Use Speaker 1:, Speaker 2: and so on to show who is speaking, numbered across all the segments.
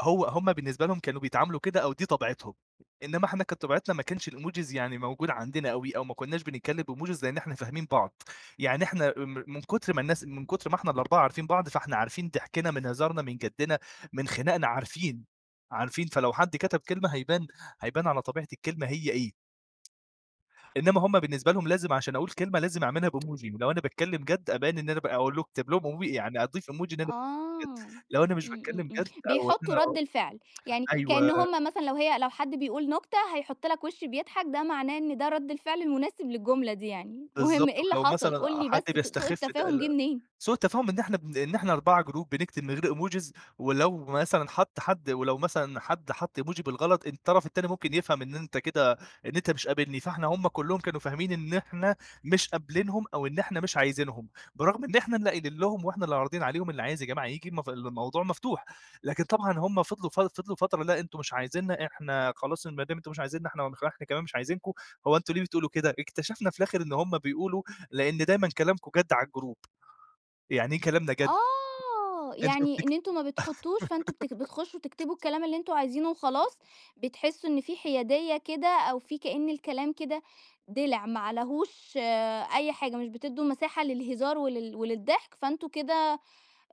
Speaker 1: هو هُم بالنسبة لهُم كانوا بيتعاملوا كده أو دي طبيعتهم، إنما إحنا كانت طبيعتنا ما كانش الإيموجيز يعني موجود عندنا أوي، أو ما كناش بنتكلَّم بإيموجيز، لإن إحنا فاهمين بعض. يعني إحنا م من كتر ما الناس من كتر ما إحنا ال4 عارفين بعض، فإحنا عارفين ضحكنا من هزارنا، من جدّنا، من خناقنا، عارفين، عارفين، فلو حد كتب كلمة هيبان، هيبان على طبيعة الكلمة، هي إيه. إنما هُم بالنسبة لهُم لازم عشان أقول كلمة لازم أعمِلها بإيموجي، ولو أنا باتكلَّم بجد أبيَّن إن أنا بأقول اكتب لهُم إيمو يعني أضيف إيموجي إن أنا
Speaker 2: آه،
Speaker 1: باتكلَّم جد،
Speaker 2: امم
Speaker 1: لو أنا مش
Speaker 2: امم
Speaker 1: باتكلَّم
Speaker 2: امم،
Speaker 1: جد أو إن
Speaker 2: بيحُطُّوا
Speaker 1: أنا
Speaker 2: رد الفعل، يعني كأن
Speaker 1: أيوه.
Speaker 2: هُم مثلًا لو هي لو حد بيقول نكتة هيحُط لك وش بيضحك، ده معناه إن ده رد الفعل المناسب للجملة دي يعني. المهم
Speaker 1: بالضبط،
Speaker 2: إيه اللي
Speaker 1: ولو
Speaker 2: حصل؟
Speaker 1: مثلًا
Speaker 2: قُل لي
Speaker 1: حد
Speaker 2: بس سوء
Speaker 1: بيستخِف ده
Speaker 2: التفاهم جِه
Speaker 1: ال
Speaker 2: منين؟
Speaker 1: سوء التفاهم إن إحنا إن إحنا 4 جروب بنكتب من غير إيموجيز، ولو مثلًا حط حد ولو مثلًا حد حط إيموجي بالغلط، الطرف التاني ممكن يفهم إن أنتَ كده إن أنتَ مش قابِلني. فإحنا هُم كلهم كانوا فاهمين إن إحنا مش قابلينهم أو إن إحنا مش عايزينهم، برغم إن إحنا اللي قايلين لهُم وإحنا اللي عارضين عليهم، اللي عايز يا جماعة ييجي المف الموضوع مفتوح. لكن طبعًا هُم فضلوا ف فضلوا فترة: "لأ أنتُم مش عايزينَّا، إحنا خلاص ما دام أنتُم مش عايزينَّا، إحنا نخ إحنا كمان مش عايزينكُم." هو أنتُم ليه بتقولوا كده؟ اكتشفنا في الآخر إن هُم بيقولوا لأن دايمًا كلامكم جد على الجروب، يعني إيه كلامنا جد؟
Speaker 2: آه،
Speaker 1: أنتم
Speaker 2: يعني إن
Speaker 1: بتكت
Speaker 2: أنتم ما بتحُطُّوش، فأنتُم بت بتخُشُّوا تكتبوا الكلام اللي أنتُم عايزينه وخلاص، بتحِسُّوا إن في حيادية كده، أو في كأن الكلام كده دِلع ما عليه أي حاجة، مش بتدُّوا مساحة للهزار ولل وللضحك، فأنتُم كده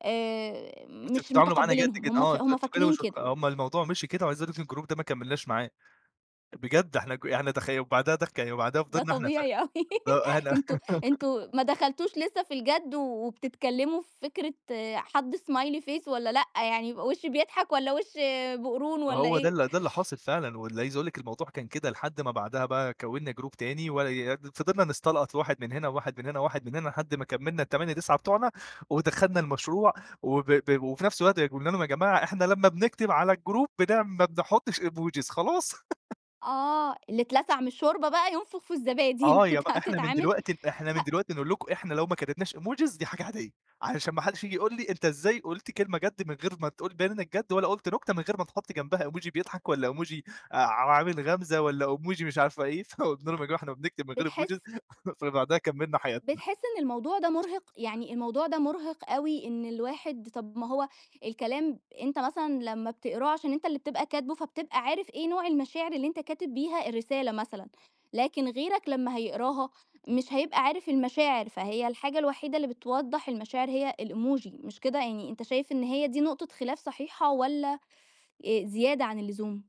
Speaker 2: آآ،
Speaker 1: "أنتم
Speaker 2: مش
Speaker 1: بتتعاملوا معانا جد
Speaker 2: متقبِّلينهم.
Speaker 1: كده،
Speaker 2: هُم
Speaker 1: آه أنت
Speaker 2: هُم
Speaker 1: أنتم كده
Speaker 2: فاكرين
Speaker 1: مش"
Speaker 2: كده.
Speaker 1: أمّا الموضوع مشي كده. وعايز أقول لك إن الجروب ده ما كملناش معاه، بجد إحنا ك إحنا تخي وبعدها دك وبعدها
Speaker 2: ده
Speaker 1: فضلنا إحنا ف
Speaker 2: طبيعي أوي،
Speaker 1: آه، إحنا
Speaker 2: أنتم أنتم ما دخلتُوش لسه في الجد، وبتتكلَّموا في فكرة حط smiley face والّا لأ، يعني وش بيضحك والّا وش بقرون والّا
Speaker 1: فهو ده
Speaker 2: إيه؟
Speaker 1: ال ده اللي حاصل فعلًا، وعايز أقول لِك الموضوع كان كده لحد ما بعدها بقى كوَّنَّا جروب تاني، ولايي فضَلنا نستلقُط واحد من هنا وواحد من هنا وواحد من هنا، لحد ما كمَّلنا ال8، 9 بتوعنا ودخلنا المشروع. وب ب وفي نفس الوقت قلنا لهُم: "يا جماعة إحنا لما بنكتب على الجروب بنعم ما بنحُطِّش إيموجيز خلاص."
Speaker 2: آه، اللي اتلسَع من الشوربة بقى ينفُخ في الزبادي،
Speaker 1: آه، يا ب
Speaker 2: أنتَ
Speaker 1: إحنا من
Speaker 2: هتتعامل
Speaker 1: دلوقتي إحنا من
Speaker 2: ه
Speaker 1: دلوقتي نقول لكُم إحنا لو ما كتبناش إيموجيز دي حاجة عادية، علشان ما حدش ييجي يقول لي: "أنتَ إزاي قلت كلمة جد، من غير ما تقول تبيَّن إنَّك جد، ولا قلت نكتة من غير ما تحُط جنبها إيموجي بيضحك والّا إيموجي ع عامل غمزة والّا إيموجي مش عارفة إيه؟" فقلنا لهُم: "يا جماعة إحنا بنكتب من غير إيموجيز."
Speaker 2: بتحس
Speaker 1: فبعدها كمَّلنا حياتنا.
Speaker 2: بتحس إن الموضوع ده مُرهِق؟ يعني، الموضوع ده مُرهِق أوي، إن الواحد طب ما هو الكلام، أنتَ مثلًا لما بتقراه عشان أنتَ اللي بتبقى كاتبه، فبتبقى عارف إيه نوع المشاعر اللي أنتَ كاتب بيها الرسالة مثلًا، لكن غيرك لمّا هيقراها مش هيبقى عارف المشاعر، فهي الحاجة الوحيدة اللي بتوضِّح المشاعر هي الإيموجي. مش كده يعني؟ أنتَ شايف إن هي دي نقطة خلاف صحيحة والّا زيادة عن اللزوم؟